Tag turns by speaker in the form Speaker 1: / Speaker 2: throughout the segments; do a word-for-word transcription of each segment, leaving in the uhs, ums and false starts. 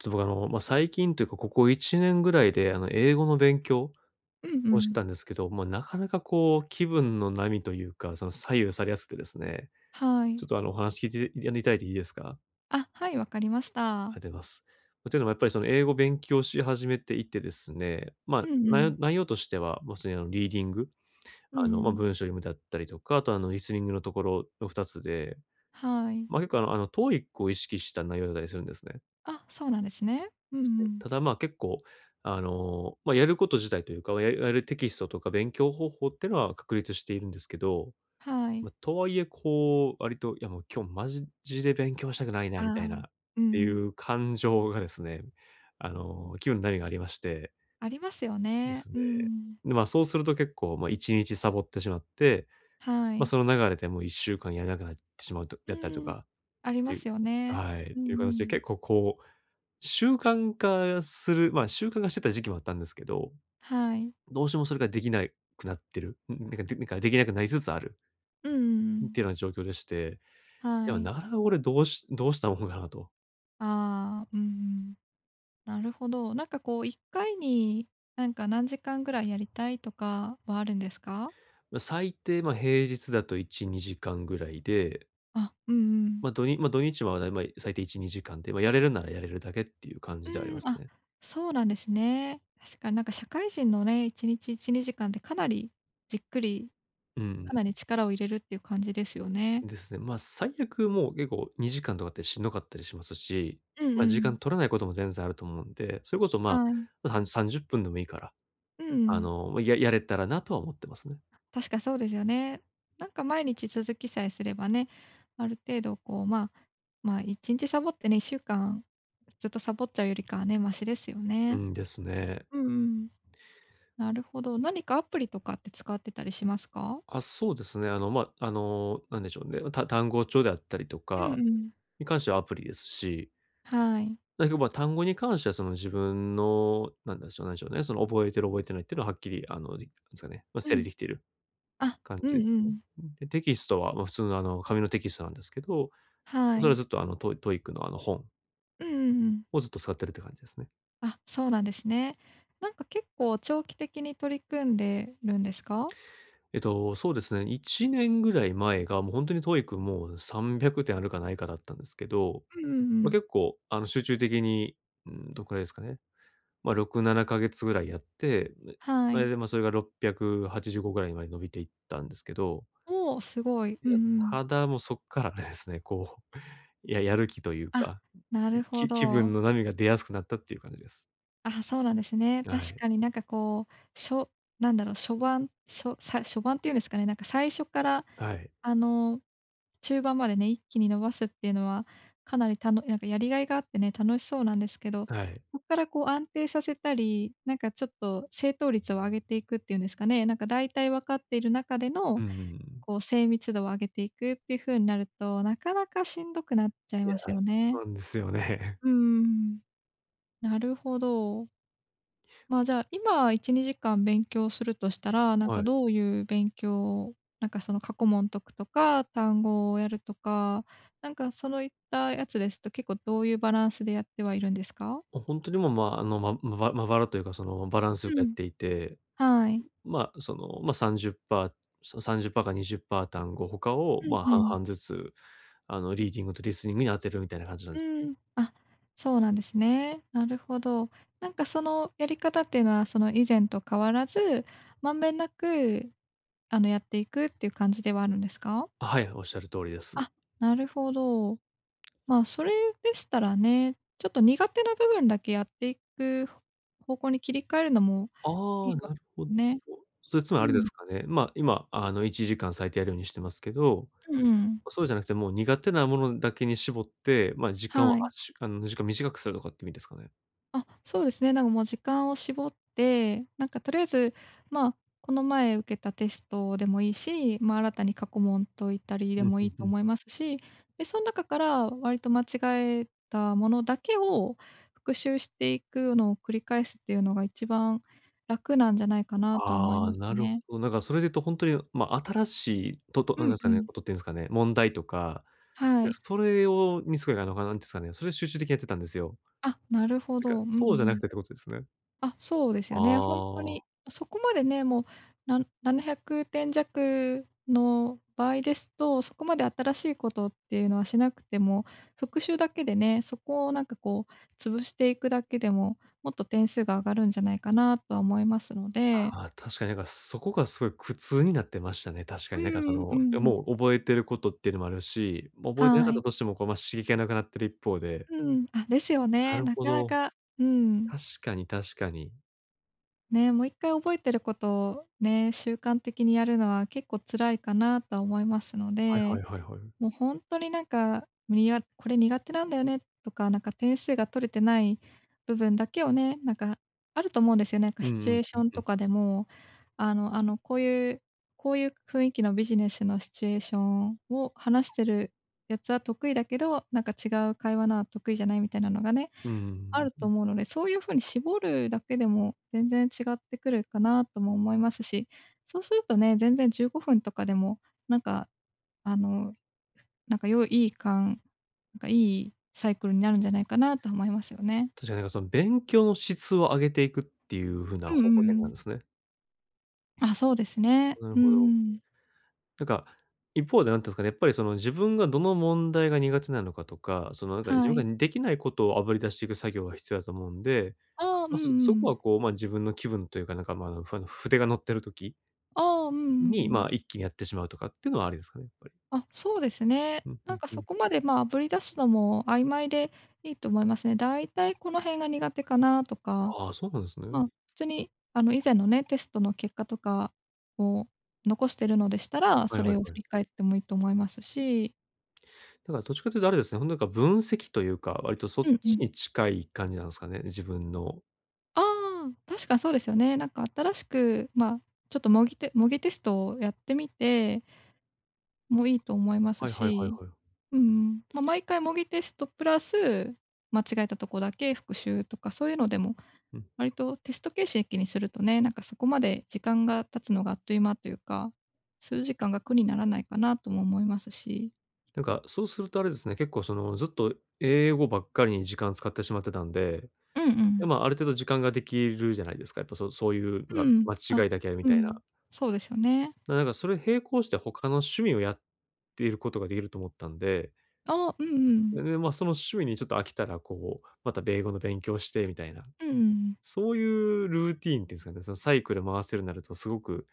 Speaker 1: ちょっと僕、あの、ま、最近というかここいちねんぐらいで、あの、英語の勉強
Speaker 2: うんう
Speaker 1: をし
Speaker 2: ん。
Speaker 1: たんですけど、まあ、なかなかこう気分の波というか、その左右されやすくですね、
Speaker 2: は
Speaker 1: ちょ
Speaker 2: い。
Speaker 1: っとあの、お話聞いて、やにいただいていいですか？
Speaker 2: あ、はい、わかりました。
Speaker 1: あでます。というのもやっぱり、その、英語勉強し始めていてですね、ま
Speaker 2: う
Speaker 1: あ、
Speaker 2: んう
Speaker 1: ない
Speaker 2: ん。
Speaker 1: よ内容としては、まあ、普通にあの、リーディング、
Speaker 2: う
Speaker 1: あの、まあ、
Speaker 2: ん。
Speaker 1: 文章読むだったりとか、あと、あの、リスニングのところのふたつで、
Speaker 2: はい。
Speaker 1: まあ、結構あのあの、TOEIC を意識した内容だりするんですね。
Speaker 2: あ、そうなんですね。うん
Speaker 1: で
Speaker 2: う
Speaker 1: すね。
Speaker 2: ん。
Speaker 1: ただまあ、結構、あの、まあ、やること自体というか、おややるテキストとか勉強方法ってのは確立しているんですけど、
Speaker 2: はい。
Speaker 1: まあ、とはいえ、こう、割と「いやもう今日マジジで勉強したくないな」
Speaker 2: あ
Speaker 1: みたいな
Speaker 2: あ。
Speaker 1: っ
Speaker 2: う
Speaker 1: てい
Speaker 2: ん。
Speaker 1: う感情がですね、あの、急に波がありまして。
Speaker 2: ありますよ
Speaker 1: で
Speaker 2: ね。
Speaker 1: すね。
Speaker 2: うん。
Speaker 1: で、まあ、そうすると結構、まあ、いちにちサボってしまって、
Speaker 2: は
Speaker 1: まあ、
Speaker 2: い。
Speaker 1: その流れでもういっしゅうかんやらなくなってしまうと
Speaker 2: う
Speaker 1: やったりと
Speaker 2: ん、
Speaker 1: か、
Speaker 2: あり
Speaker 1: て
Speaker 2: ま
Speaker 1: いう
Speaker 2: すよね。
Speaker 1: はい、
Speaker 2: う
Speaker 1: という
Speaker 2: んう
Speaker 1: 形で
Speaker 2: ん。
Speaker 1: 結構こう、習慣化するまあ、習慣化してた時期もあったんですけど、
Speaker 2: はい。
Speaker 1: どうしてもそれができないくなってる、んん、でかでんかできなくなりつつある。
Speaker 2: うんうんう
Speaker 1: ん、
Speaker 2: ん。
Speaker 1: てな状況でして、
Speaker 2: は
Speaker 1: でも
Speaker 2: い。
Speaker 1: なかなかこれどうしどうしたもんかなと。
Speaker 2: ああ、うん。なるほど。なんかこういっかいに、なんか何時間ぐらいやりたいとかはあるんですか？
Speaker 1: う、最低、ま、平日だといち、にじかんぐらいで。
Speaker 2: あ、うんうん。
Speaker 1: ま、どにま、土日は、だいまい最低いち、にじかんで、ま、やれるならやれるだけっていう感
Speaker 2: う
Speaker 1: じではありま
Speaker 2: ん。
Speaker 1: す
Speaker 2: あ、
Speaker 1: ね。
Speaker 2: そうなんですね。確かになんか社会人のね、いちにちいち、にじかんってかなりじっくり、
Speaker 1: う
Speaker 2: か
Speaker 1: ん。
Speaker 2: なり力を入れるっていう感じですよね。
Speaker 1: ですね。ま、最悪もう、結構にじかんとかってしんどかったりしますし、
Speaker 2: うん
Speaker 1: ま、
Speaker 2: う
Speaker 1: 時間
Speaker 2: ん。
Speaker 1: 取らないことも全然あると思うんで、それこそま
Speaker 2: はい。
Speaker 1: ま、さんさんじゅっぷんでもいいから。
Speaker 2: う
Speaker 1: あ
Speaker 2: ん。
Speaker 1: の、ま、ややれたらなとは思ってますね。
Speaker 2: 確かそうですよね。なんか毎日続きさえすればね、ある程度こう、ま、ま、いちんちサボってね、いっしゅうかんずっとサボっちゃうよりかはね、マシですよ
Speaker 1: う
Speaker 2: ね。
Speaker 1: ん、ですね。
Speaker 2: うんうん。なるほど。何かアプリとかって使ってたりしますか？
Speaker 1: あ、そうですね、あの、ま、あの、何でしょうね、た単語帳であったりと
Speaker 2: うん
Speaker 1: か、
Speaker 2: うん。
Speaker 1: に関してはアプリですし。
Speaker 2: はい。
Speaker 1: らいふば、単語に関してはその自分の、なんでしょうなんでしょうね、その覚えてる覚えてないっていうのははっきり、あの、すかね、ま、
Speaker 2: う
Speaker 1: 整理
Speaker 2: ん。
Speaker 1: 出来ている
Speaker 2: あ、
Speaker 1: 感
Speaker 2: うん
Speaker 1: じす
Speaker 2: う
Speaker 1: ね。
Speaker 2: ん。
Speaker 1: うん、で、テキストは、ま、普通のあの紙のテキストなんですけど、
Speaker 2: は
Speaker 1: それは
Speaker 2: い。
Speaker 1: ずっと、あの、ト TOEIC のあの本。
Speaker 2: うんうんうん。
Speaker 1: をずっと使ってるって感じですね。
Speaker 2: あ、そうなんですね。なんか結構長期的に取り組んでるんですか？
Speaker 1: えっと、そうですね、いちねんぐらい前がもう本当に TOEIC もさんびゃくてんあるかないかだったんですけど、
Speaker 2: うんうんう
Speaker 1: ま、
Speaker 2: ん。
Speaker 1: 結構、あの、集中的に、ん、どれくらいですかね。ま、ろく、ななかげつぐらいやって、
Speaker 2: は
Speaker 1: それ
Speaker 2: い。
Speaker 1: でま、それがろっぴゃくはちじゅうごぐらいまで伸びていったんですけど。
Speaker 2: お、すごい。
Speaker 1: い
Speaker 2: うんう
Speaker 1: や、
Speaker 2: ん。
Speaker 1: ただもうそっからですね、こう、ややる気という
Speaker 2: あ、
Speaker 1: か、
Speaker 2: なるほ
Speaker 1: き気分
Speaker 2: ど。
Speaker 1: の波が出やすくなったっていう感じです。
Speaker 2: あ、そうなんですね。
Speaker 1: は
Speaker 2: 確
Speaker 1: い。
Speaker 2: かになんかこう、しょなんだろう、初盤、しょさ初盤っていうんですかね、なんか最初から
Speaker 1: はい。
Speaker 2: あの、中盤までね一気に伸ばすっていうのはかなり、たのなんか、やりがいがあってね、楽しそうなんですけど、
Speaker 1: はい。
Speaker 2: そっからこう安定させたり、なんかちょっと正答率を上げていくっていうんですかね。なんか大体分かっている中での
Speaker 1: うんうんうん。
Speaker 2: こう精密度を上げていくっていう風になると、なかなかしんどくなっちゃい
Speaker 1: いや、
Speaker 2: ますよ
Speaker 1: そ
Speaker 2: ね。
Speaker 1: うなんです よね。
Speaker 2: うん。なるほど。ま、じゃあ今いち、にじかん勉強するとしたら、なん
Speaker 1: は
Speaker 2: か
Speaker 1: い。
Speaker 2: どういう勉強、なんかその過去問解くとか単語をやるとか、なんかそういったやつですと、結構どういうバランスでやってはいるんですか？
Speaker 1: もう本当にも、まあの、ま、まばまばらというかそのバランスよ
Speaker 2: う
Speaker 1: くやっ
Speaker 2: ん。
Speaker 1: ていて。
Speaker 2: はい。
Speaker 1: ん、ま、その、まさんじゅうパー、そさんじゅうパーかにじゅうパー単語他を、
Speaker 2: うん
Speaker 1: ま、
Speaker 2: う
Speaker 1: 半
Speaker 2: ん。
Speaker 1: 々ずつ、あのリーディングとリスニングに当てるみたいな感じなんです。
Speaker 2: うん、あ、そうなんですね。なるほど。なんかそのやり方っていうのはその以前と変わらず、まんべんなく、あのやっていくっていう感じではあるんですか？
Speaker 1: あ、はい、おっしゃる通りです。
Speaker 2: あ、なるほど。ま、それでしたらね、ちょっと苦手な部分だけやっていく方向に切り替えるのもいい
Speaker 1: あ、
Speaker 2: か
Speaker 1: なるほど。
Speaker 2: もね。
Speaker 1: それつま
Speaker 2: う
Speaker 1: りあれで
Speaker 2: ん。
Speaker 1: すかね。ま今あのいちじかん最低やるようにしてますけど、
Speaker 2: うーん。
Speaker 1: ま、そうじゃなくてもう苦手なものだけに絞って、ま、時間を、
Speaker 2: はい。
Speaker 1: あしゅあの時間を短くするとかっていう意味ですかね？
Speaker 2: あ、そうですね。なんかもう時間を絞って、なんかとりあえず、まあ、この前受けたテストでもいいし、ま、新たに過去問解いたりで
Speaker 1: うん
Speaker 2: も
Speaker 1: う
Speaker 2: いい
Speaker 1: んう
Speaker 2: と
Speaker 1: ん。
Speaker 2: 思いますし、でそん中から割と間違えたものだけを復習していくのを繰り返すっていうのが一番楽なんじゃないかなとは思い
Speaker 1: あ
Speaker 2: ま
Speaker 1: あ、
Speaker 2: す
Speaker 1: なるほ
Speaker 2: ね。
Speaker 1: ど。なんかそれで言うと本当に、ま、新しいととう
Speaker 2: う
Speaker 1: んなん
Speaker 2: ん
Speaker 1: ですか
Speaker 2: う
Speaker 1: ね、
Speaker 2: ん。
Speaker 1: ことっていうんですかね、問題とか、
Speaker 2: は
Speaker 1: や、
Speaker 2: い。
Speaker 1: それを見つけなのかなんて言うんですかね、それを集中的にやってたんですよ。
Speaker 2: あ、なるほ
Speaker 1: なん
Speaker 2: ど。
Speaker 1: か、
Speaker 2: うんう
Speaker 1: そうじゃな
Speaker 2: ん。
Speaker 1: くてってことですね。
Speaker 2: あ、そうですよね、本当
Speaker 1: あ
Speaker 2: に
Speaker 1: あ。
Speaker 2: そこまでね、もう、な、ななひゃくてん弱の場合ですと、そこまで新しいことっていうのはしなくても、復習だけでね、そこを、なんかこう、潰していくだけでももっと点数が上がるんじゃないかなとは思いますので。
Speaker 1: ああ、確かになんかそこがすごい苦痛になってましたね、確か
Speaker 2: うー
Speaker 1: になんかそ
Speaker 2: ん、うん
Speaker 1: の、や、
Speaker 2: うん。
Speaker 1: もう覚えてることっていうのもあるし、もう覚えてな
Speaker 2: は
Speaker 1: かった
Speaker 2: い。
Speaker 1: としても、こう、ま、刺激が無くなってる一方で。
Speaker 2: うん、あ、ですよ
Speaker 1: な
Speaker 2: ね。
Speaker 1: る
Speaker 2: な
Speaker 1: ほ
Speaker 2: かな
Speaker 1: ど。
Speaker 2: か、うん。
Speaker 1: 確かに確かに。
Speaker 2: ね、もう一回覚えてることをね、習慣的にやるのは結構辛いかなとは思いますの
Speaker 1: はいは
Speaker 2: で、
Speaker 1: いはいはい。
Speaker 2: もうほんとになんか、にあこれ苦手なんだよねとか、なんか点数が取れてない部分だけをね、なんか、あると思うんですよ。なんか
Speaker 1: うんう
Speaker 2: シチュエ
Speaker 1: ん
Speaker 2: ーシ
Speaker 1: うん
Speaker 2: ョン
Speaker 1: う
Speaker 2: と
Speaker 1: ん。
Speaker 2: かでも、あのあのこういう、こういう雰囲気のビジネスのシチュエーションを話してるやつは得意だけど、なんか違う会話のは得意じゃないみたいなのがね、
Speaker 1: うん、
Speaker 2: ある
Speaker 1: う
Speaker 2: と
Speaker 1: ふ。
Speaker 2: 思うので、そういう風に絞るだけでも全然違ってくるかなとも思いますし、そうするとね、全然じゅうごふんとかでもなんか、あの、なんかよいいいかんなんか、いいサイクルになるんじゃないかなと思いますよね。
Speaker 1: 確かになんか、その勉強の質を上げていくっていう風な
Speaker 2: うんう
Speaker 1: 方向
Speaker 2: んう
Speaker 1: 転
Speaker 2: ん。
Speaker 1: 換すね。
Speaker 2: あ、そうですね。
Speaker 1: なる
Speaker 2: う
Speaker 1: ほ
Speaker 2: んう
Speaker 1: ど。
Speaker 2: ん。
Speaker 1: なんか、一方で何て言うんすかね、やっぱりその、自分がどの問題が苦手なのかとか、そのなんか、自
Speaker 2: は
Speaker 1: 分
Speaker 2: い。
Speaker 1: ができないことをあぶり出していく作業が必要だと思うんで、
Speaker 2: ああ、うんう
Speaker 1: ま、そそこは
Speaker 2: ん。
Speaker 1: こう、ま、自分の気分というかなんか、まあ、あの、ふ筆が乗ってる時
Speaker 2: ああ、うんうんう
Speaker 1: に、
Speaker 2: ん。
Speaker 1: まあ、一気にやってしまうとかっていうのはありですかね、やっぱり。
Speaker 2: あ、そうですね。
Speaker 1: うん、ふ
Speaker 2: なん
Speaker 1: ん
Speaker 2: か
Speaker 1: ふ
Speaker 2: そ
Speaker 1: ん。
Speaker 2: こまで、まあ、あぶり出すのも曖昧でいいと思いますね。だいたいこの辺が苦手かなとか、
Speaker 1: ああ、そうなんです
Speaker 2: まあ、
Speaker 1: ね。
Speaker 2: 普通にあの、以前のね、テストの結果とかを残してるのでしたら、
Speaker 1: はい
Speaker 2: そ
Speaker 1: は
Speaker 2: れ
Speaker 1: い
Speaker 2: を
Speaker 1: は
Speaker 2: 振
Speaker 1: い。
Speaker 2: り返ってもいいと思いますし。
Speaker 1: だからどっちかというとあれですね、本当なんか分析というか、割とそ
Speaker 2: う
Speaker 1: っ
Speaker 2: んう
Speaker 1: ち
Speaker 2: ん。
Speaker 1: に近い感じなんすかね、自分の。
Speaker 2: ああ、確かそうですよね。なんか新しく、ま、ちょっと模擬テ模擬テストをやってみてもいいと思います
Speaker 1: はいはいはいは
Speaker 2: し、
Speaker 1: い。
Speaker 2: うん。ま、毎回模擬テストプラス、間違えたとこだけ復習とかそういうのでも、
Speaker 1: うん。
Speaker 2: 割とテスト形式にするとね、なんかそこまで時間が経つのがあっという間というか、数時間が苦にならないかなとも思いますし。
Speaker 1: なんか、そうするとあれですね。結構その、ずっと英語ばっかりに時間使ってしまってたんで、
Speaker 2: うんう
Speaker 1: で、
Speaker 2: ん。
Speaker 1: ま、ある程度時間が出来るじゃないですか、やっぱそそういうう
Speaker 2: う
Speaker 1: が、
Speaker 2: ん。
Speaker 1: 間違
Speaker 2: あ、
Speaker 1: いだけやみ
Speaker 2: う
Speaker 1: たいな。
Speaker 2: ん、そうですよね。
Speaker 1: な、なんかそれ並行して他の趣味をやっていることが出来ると思ったんで。
Speaker 2: ああ、うんう
Speaker 1: で、
Speaker 2: ん。
Speaker 1: ね、ま、その趣味にちょっと飽きたらこう、また米語の勉強して、みたいな。
Speaker 2: うんうん。
Speaker 1: そういうルーティーンっていうんですかね、そのサイクル回せるになるとすごく、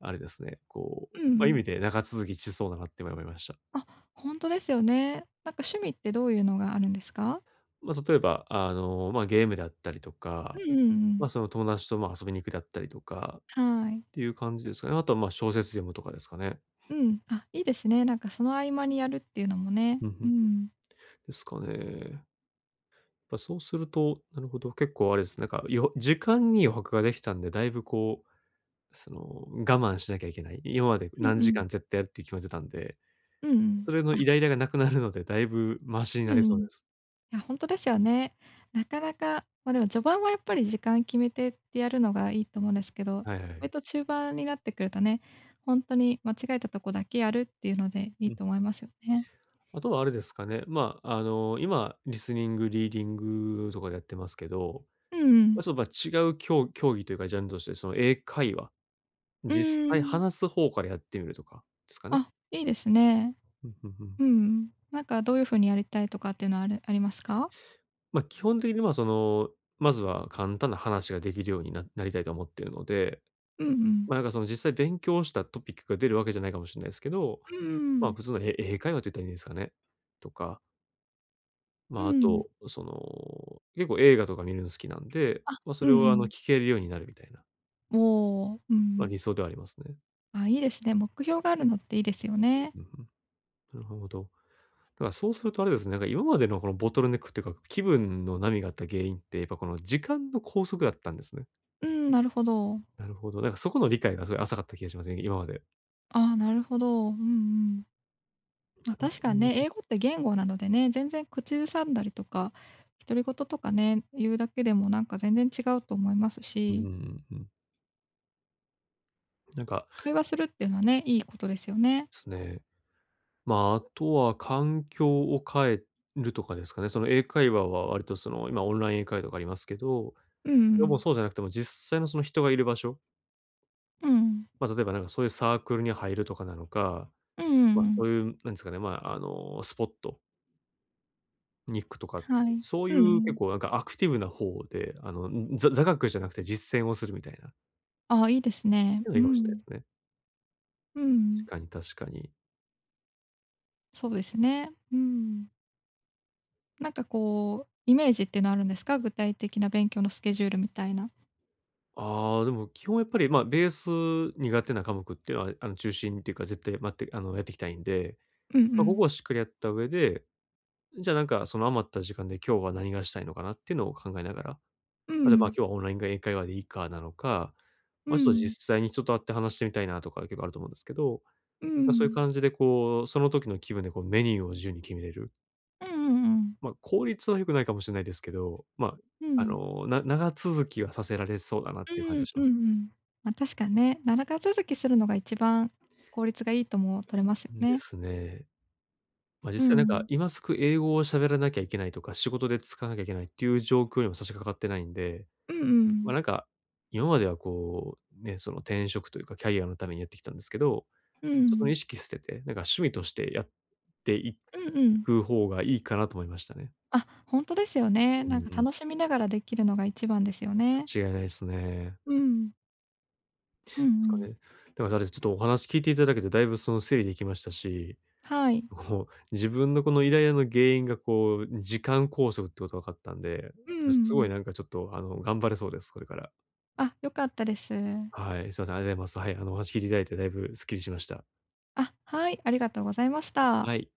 Speaker 1: あれですね。こ
Speaker 2: う
Speaker 1: う、ま、いうみ
Speaker 2: ん。
Speaker 1: て長続きしそうだなって今思いました。
Speaker 2: あ、ほんとですよね。なんか趣味ってどういうのがあるんですか？
Speaker 1: ま、例えば、あの、ま、ゲームだったりと
Speaker 2: う
Speaker 1: か、
Speaker 2: んうんう
Speaker 1: ま、
Speaker 2: ん。
Speaker 1: その友達と、ま、遊びに行くだったりとか、っ
Speaker 2: はい。
Speaker 1: ていう感じですかね。あとは、ま、小説読むとかですかね。
Speaker 2: うん、あ、いいですね。なんかその合間にやるっていうのも
Speaker 1: ふん
Speaker 2: ね。
Speaker 1: ふんふ
Speaker 2: う
Speaker 1: ん。
Speaker 2: ん。
Speaker 1: ですかね。っぱそうすると、なるほど、結構あれですね。なんかよは時間に余白が出来たんで、大分こう、その、我慢しなきゃいけない、今まで
Speaker 2: う
Speaker 1: 何
Speaker 2: んう
Speaker 1: 時
Speaker 2: ん。
Speaker 1: 間絶対やるって決めてたんで、
Speaker 2: うんうん。
Speaker 1: それのイ
Speaker 2: あ。
Speaker 1: ライラが無くなるので、大分マシに
Speaker 2: う
Speaker 1: な
Speaker 2: ん
Speaker 1: り
Speaker 2: う
Speaker 1: そう
Speaker 2: ん。い
Speaker 1: です。
Speaker 2: や、ほんとですよね。なかなかま、でも序盤はやっぱり時間決めてってやるのがいいと思うんですけど、
Speaker 1: はいは
Speaker 2: 割
Speaker 1: い。
Speaker 2: と中盤になってくるとね、ほんとに間違えたとこだけやるっていうのでい
Speaker 1: う
Speaker 2: い
Speaker 1: ん。
Speaker 2: と思いますよね。
Speaker 1: あとはあれですかね、ま、あの、今リスニング、リーディングとかでやってますけど、
Speaker 2: うんう
Speaker 1: あ、
Speaker 2: ん。
Speaker 1: そう、ま、違うきょう競技というかジャンルとしてその英会話、
Speaker 2: う
Speaker 1: 実
Speaker 2: ー
Speaker 1: 際
Speaker 2: ん。
Speaker 1: 話す方からやってみるとかですかね。
Speaker 2: あ、いいですね。
Speaker 1: うんうんうん。
Speaker 2: うん。なんかどういう風にやりたいとかっていうのはあるありますか？
Speaker 1: ま、基本的にはその、まずは簡単な話が出来るようにななりたいとは思っているので、
Speaker 2: うんう
Speaker 1: ま、
Speaker 2: ん。
Speaker 1: なんかその実際勉強したトピックが出る訳じゃないかもしんないですけど、
Speaker 2: うんうんうんう
Speaker 1: ま、
Speaker 2: ん。
Speaker 1: 普通のえ英会話って言ったらいいんですかね？とか。ま
Speaker 2: う
Speaker 1: あ、あ
Speaker 2: ん。
Speaker 1: と、その、結構映画とか見るの好きなんで、
Speaker 2: あ、
Speaker 1: まあ、
Speaker 2: う
Speaker 1: それ
Speaker 2: んう
Speaker 1: はあの、
Speaker 2: ん。
Speaker 1: 聞けるようになるみたいな。
Speaker 2: おお、う
Speaker 1: まあ、
Speaker 2: ん。
Speaker 1: 理想ではありますね。
Speaker 2: あ、いいですね。目標があるのって良いですよね。
Speaker 1: う、う、ふん。なるほど。だからそうするとあれですね、なんか今までのこのボトルネックってか、気分の波があった原因って、やっぱこの時間の拘束だったんですね。
Speaker 2: うん、なるほど。
Speaker 1: なるほど。なんかそこの理解がすごい浅かった気がしますね、今まで。
Speaker 2: ああ、なるほど。うんうん。まあ、
Speaker 1: あの
Speaker 2: 確
Speaker 1: う
Speaker 2: かね、
Speaker 1: ーん。
Speaker 2: 英語って言語なのでね、全然口ずさんだりとか、独り言とかね、言うだけでもなんか全然違うと思います
Speaker 1: うう
Speaker 2: し。
Speaker 1: うん、うん。なんか
Speaker 2: 会話するっていうのはね、いいことですよね。
Speaker 1: すね。まあ、あとは環境を変えるとかですかね、その英会話は割と、その、今オンライン英会話とかありますけど、
Speaker 2: ううう
Speaker 1: でも
Speaker 2: ん。
Speaker 1: そうじゃなくても実際のその人がいる場所
Speaker 2: うん。
Speaker 1: まあ、例えばなんか、そういうサークルに入るとかなのか、
Speaker 2: うんう
Speaker 1: ま
Speaker 2: ん
Speaker 1: あ、
Speaker 2: う
Speaker 1: そ
Speaker 2: ん。
Speaker 1: ういうなんですかね、まあ、あの、スポット？に行くとか、
Speaker 2: はい。
Speaker 1: そうい
Speaker 2: う
Speaker 1: う結
Speaker 2: ん。
Speaker 1: 構なんかアクティブな方で、あの、ざ座学じゃなくて実践をするみたいな。
Speaker 2: ああ、いいですね。
Speaker 1: いや、
Speaker 2: う
Speaker 1: いいかもしんないで
Speaker 2: ん。
Speaker 1: すね。
Speaker 2: う
Speaker 1: し
Speaker 2: ん。
Speaker 1: かに、確かに。
Speaker 2: そうですね。うーん。なんかこう、イメージっていうのはあるんですか？具体的な勉強のスケジュールみたいな。
Speaker 1: ああ、でも基本やっぱり、ま、ベース苦手な科目ってのは、あの、中心っていうか絶対まって、あの、やっていきたいんで。
Speaker 2: うんう
Speaker 1: ま、ここ
Speaker 2: ん。
Speaker 1: はしっかりやった上で、うん、じゃあなんか、その余った時間で今日は何がしたいのかなっていうのを考えながら、
Speaker 2: う
Speaker 1: たとえば
Speaker 2: ん。
Speaker 1: 「今日はオンラインが英会話でいいか」なのか、
Speaker 2: う
Speaker 1: ま「ちょっと
Speaker 2: ん。
Speaker 1: 実際に人と会って話してみたいな」とか結構あると思うんですけど。
Speaker 2: う
Speaker 1: ぱ、そういう
Speaker 2: ん。
Speaker 1: 感じでこう、その時の気分でこう、メニューを自由に決めれる。
Speaker 2: うんうんうんうん。
Speaker 1: ま、効率は良くないかもしんないですけど、ま
Speaker 2: う
Speaker 1: あ、あ
Speaker 2: ん。
Speaker 1: の、な長続きはさせられそうだなっ
Speaker 2: う
Speaker 1: ていう感
Speaker 2: ー
Speaker 1: じ
Speaker 2: ん。
Speaker 1: はし
Speaker 2: うん
Speaker 1: ま
Speaker 2: う
Speaker 1: す。
Speaker 2: ん。ま、確かね、ならがつづきするのが一番効率がいいとも取れますよ
Speaker 1: うん、で
Speaker 2: ね。
Speaker 1: すね。ま、
Speaker 2: う
Speaker 1: 実際なんか
Speaker 2: ん。
Speaker 1: 今すぐ英語を喋らなきゃいけないとか、仕事で使わなきゃいけないっていう状況にも差し掛かってないんで。
Speaker 2: うんう
Speaker 1: ま、
Speaker 2: ん。
Speaker 1: なんか、今まではこう、ね、その転職というかキャリアのためにやってきたんですけど、
Speaker 2: う
Speaker 1: その意
Speaker 2: ん。
Speaker 1: 識捨てて、なんか趣味としてやってい
Speaker 2: うんうん。
Speaker 1: く方がいいかなと思いましたね。
Speaker 2: あ、ほんとですよね。
Speaker 1: うん
Speaker 2: なんか
Speaker 1: うん。
Speaker 2: 楽しみながらできるのが一番ですよね。
Speaker 1: 間違いないすね。
Speaker 2: うん。うんう
Speaker 1: ですか
Speaker 2: ん。
Speaker 1: ね。でも、だれ、ちょっとお話聞いていただけて、だいぶその、整理できましたし、
Speaker 2: はい。
Speaker 1: そこもう自分のこのイライラの原因がこう、時間拘束ってこと分かったんで、
Speaker 2: うんうん
Speaker 1: ち
Speaker 2: う
Speaker 1: ょ、すごい
Speaker 2: ん。
Speaker 1: なんかちょっと、あの、頑張れそうです。これから。
Speaker 2: あ、良かったです。
Speaker 1: はい、すません、あでます。はい、あの、お話聞いていただいてだいぶすっきりしました。
Speaker 2: あ、はい、ありがとうございまし
Speaker 1: あ、
Speaker 2: た。
Speaker 1: はい。